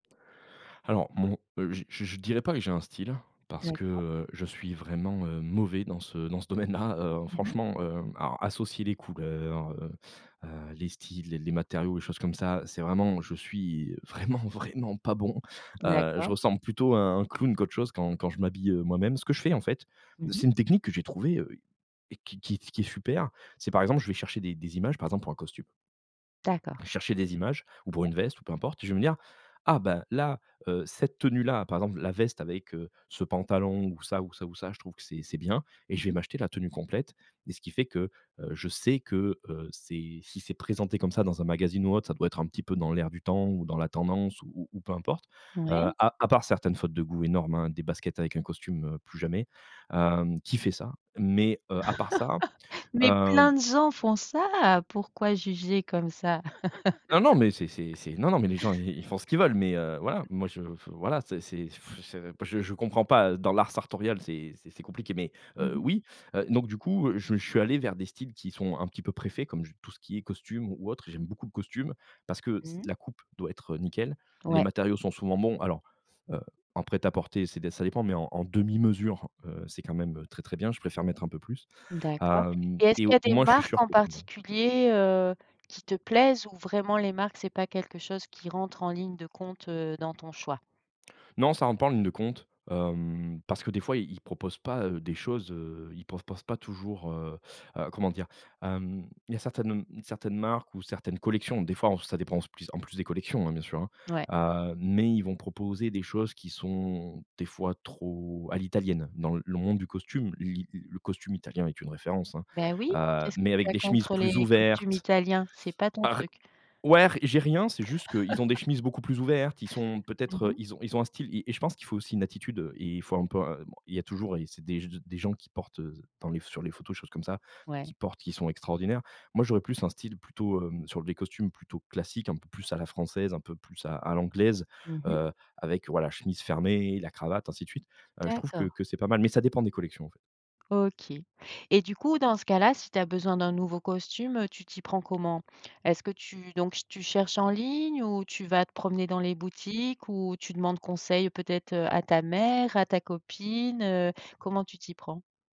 Alors mon je je je dirais pas que j'ai un style parce que, D'accord. heu, je suis vraiment, heu, mauvais dans ce dans ce domaine-là, heu, Mmh mh. franchement, heu, alors, associer les couleurs, heu, heu, les styles, les les matériaux, les choses comme ça, c'est vraiment je suis vraiment, vraiment pas bon. Heu, je D'accord. ressemble plutôt à un clown qu'autre chose quand quand je m'habille, heu, moi-même. Ce que je fais, en fait, Mmh mh. c'est une technique que j'ai trouvée, heu et qui qui est t qui est super. C'est par exemple, je vais chercher des des images, par exemple, pour un costume. D'accord. Chercher des images ou pour Ouais. une veste ou peu importe, je vais me dire: «Ah bah là, heu, cette tenue-là, par exemple, la veste avec, heu, ce pantalon ou ça ou ça ou ça, je trouve que c'est c'est bien» et je Mmh vais mh. m'acheter la tenue complète et ce qui fait que, heu, je sais que, heu, c'est si c'est présenté comme ça dans un magazine ou autre, ça doit être un petit peu dans l'air du temps ou dans la tendance ou ou ou peu importe. Heu, Ouais. à à part certaines fautes de goût énormes, hein, des baskets avec un costume, heu, plus jamais, hem, qui fait ça? Mais, heu, à part ça, Mais hem plein de gens font ça! Pourquoi juger comme ça? Ah non, mais c'est c'est c'est non, non, mais les gens, ils ils font ce qu'ils veulent mais, heu, voilà, moi je f voilà, c'est c'est ce b je je comprends pas, heu, dans l'art sartorial, c'est c'est c'est compliqué, mais Mmh heu, mh. oui. Heu, donc du coup, heu, je je suis allé vers des styles qui sont un petit peu pré-faits, comme je tout ce qui est costume ou ou autre. J'aime beaucoup le costume parce que c Mmh. la coupe doit être, heu, nickel. Les Ouais. matériaux sont souvent bons, alors, heu, en prêt-à-porter, c'est des ça dépend, mais en en demi mesure, heu, c'est quand même, heu, très, très bien. Je préfère mettre un peu plus. D'accord Hem et est-ce et qu'il y au a des moins, je suis marques sûr en que ça me va. particulier, heu, qui te plaisent ou vraiment les marques c'est pas quelque chose qui rentre en ligne de compte, heu, dans ton choix? Non ça rentre pas en ligne de compte, hem, parce que des fois, ils ils proposent pas, heu, des choses, heu, ils pensent pensent pas toujours, heu, heu, comment dire? Hem, il y a certaines, hem, certaines marques ou certaines collections, des fois, on ça dépend s plus en plus des collections, hein, bien sûr, Ouais. hein, heu, mais ils vont proposer des choses qui sont, des fois, trop à l'italienne. Dans l le monde du costume, l'i l le costume italien est une référence, hein, Bah oui. heu, Qu'est-ce que mais tu avec as des chemises contre plus les costumes ouvertes. italiens? C'est pas ton Ar truc? ouais r j'ai rien, c'est juste qu'ils ont des chemises beaucoup plus ouvertes, ils sont Mmh peut-être mh. ils ont ils ont un style et et je pense qu'il faut aussi une attitude et il faut un peu un bon, il y a toujours et c'est des g d des gens qui portent, heu, dans les ph sur les photos, choses comme ça, qui Ouais. portent, qui sont extraordinaires. Moi, j'aurais plus un style plutôt, hem, sur les costumes, plutôt classique, un peu plus à la française, un peu plus à à l'anglaise, Mmh mh. heu, avec, voilà, chemise fermée, la cravate, ainsi de suite, heu. Je trouve que D'accord. que c'est pas mal, mais ça dépend des collections, en fait. OK et du coup, dans ce cas-là, si tu as besoin d'un nouveau costume, heu, tu t'y prends comment? Est-ce que tu donc ch tu cherches en ligne ou tu vas te promener dans les boutiques ou tu demandes conseil peut-être, heu, à ta mère, à ta copine, heu, comment tu t'y prends?